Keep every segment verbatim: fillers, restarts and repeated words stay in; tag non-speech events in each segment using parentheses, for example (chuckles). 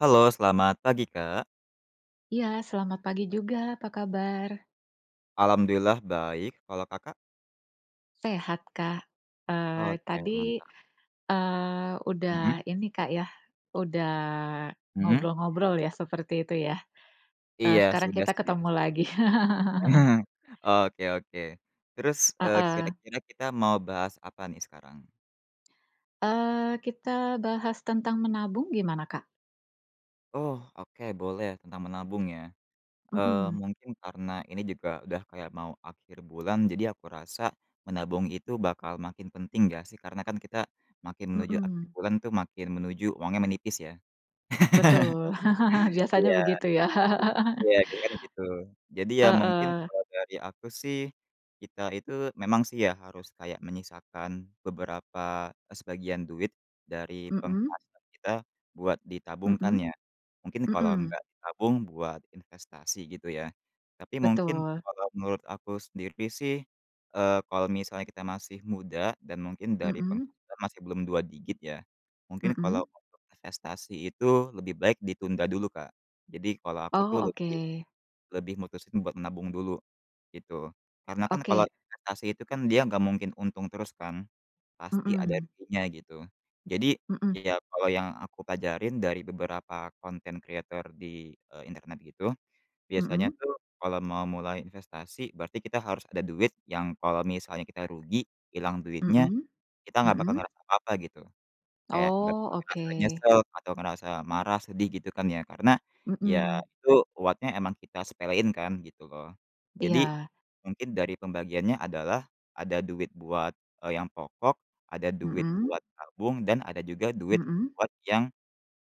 Halo, selamat pagi, Kak. Iya, selamat pagi juga, apa kabar? Alhamdulillah baik, kalau Kakak? Sehat, Kak, eee, Oke, tadi, mantap. eee, udah Heeh. ini, Kak, ya, udah Heeh. ngobrol-ngobrol ya, seperti itu ya, eee, Iya, sekarang sudah, kita sudah. ketemu lagi. Nah. (laughs) Oke oke, terus, eee, Heeh. kira-kira kita mau bahas apa nih sekarang? Eee, kita bahas tentang menabung gimana, Kak? Oh, oke, boleh tentang menabung ya, eee, Mhm. mungkin karena ini juga udah kayak mau akhir bulan, jadi aku rasa menabung itu bakal makin penting, nggak sih? Karena kan kita makin menuju akhir Mhm. bulan itu makin menuju uangnya menipis, ya. Betul. (laughs) (chuckles) Biasanya Iya. begitu, ya. (laughs) Iya, karena kan gitu, jadi ya, mungkin Heeh. kalau dari aku sih, kita itu memang sih ya, harus kayak menyisakan beberapa, sebagian duit dari Mhm. penghasilan kita buat ditabungkan, Mhm, ya. Mungkin kalau Mhm. nggak ditabung buat investasi, gitu ya, tapi mungkin Betul. kalau menurut aku sendiri sih, eee, kalau misalnya kita masih muda dan mungkin dari Mhm. penghasilan masih belum dua digit ya, mungkin Mhm. kalau untuk investasi itu lebih baik ditunda dulu, Kak. Jadi kalau aku Oh, tuh lebih oke. lebih mutusin buat nabung dulu, gitu, karena kan kalau Oke. investasi itu kan dia nggak mungkin untung terus kan, pasti ada Mhm. ruginya, gitu. Jadi, Mhm. ya kalau yang aku pelajarin dari beberapa content creator di, eee, internet gitu, biasanya Mhm. tuh kalau mau mulai investasi berarti kita harus ada duit yang kalau misalnya kita rugi, ilang duitnya, Mhm, kita nggak bakal mhm. ngerasa apa-apa, gitu. Kayak nggak Oh, ngerasa oke. nyesel atau ngerasa marah, sedih gitu kan ya, karena ya Mhm. itu buatnya emang kita sepelein kan, gitu loh. Jadi Iya. mungkin dari pembagiannya adalah ada duit buat, eee, yang pokok, ada duit Mhm. buat tabung, dan ada juga duit Mhm. buat yang,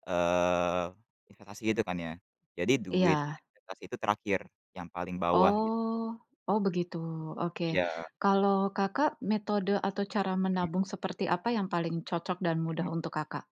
eee, investasi itu kan ya, jadi duit Iya. investasi itu terakhir, yang paling bawah, gitu. Oh. Oh, begitu. Oke. Iya. Kalo Kakak, metode atau cara menabung seperti apa yang paling cocok dan mudah Mhm. untuk Kakak?